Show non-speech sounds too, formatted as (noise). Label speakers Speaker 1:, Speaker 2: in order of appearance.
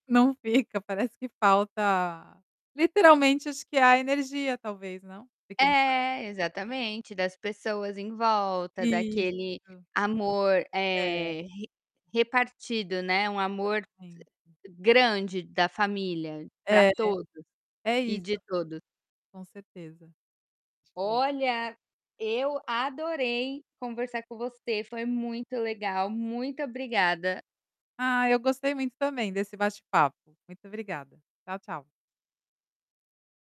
Speaker 1: Não fica, parece que falta, literalmente, acho que a energia, talvez, não? De quem faz,
Speaker 2: É,
Speaker 1: é.
Speaker 2: exatamente, das pessoas em volta, daquele
Speaker 1: Isso.
Speaker 2: amor,
Speaker 1: É.
Speaker 2: eh, re repartido, né, um amor
Speaker 1: Exatamente.
Speaker 2: grande da família pra
Speaker 1: É.
Speaker 2: todos,
Speaker 1: É
Speaker 2: e
Speaker 1: isso.
Speaker 2: de todos.
Speaker 1: Com certeza. (unintelligible)
Speaker 2: Olha, eu adorei conversar com você, foi muito legal, muito obrigada.
Speaker 1: Ah, eu gostei muito também desse bate-papo. Muito obrigada. Tchau, tchau.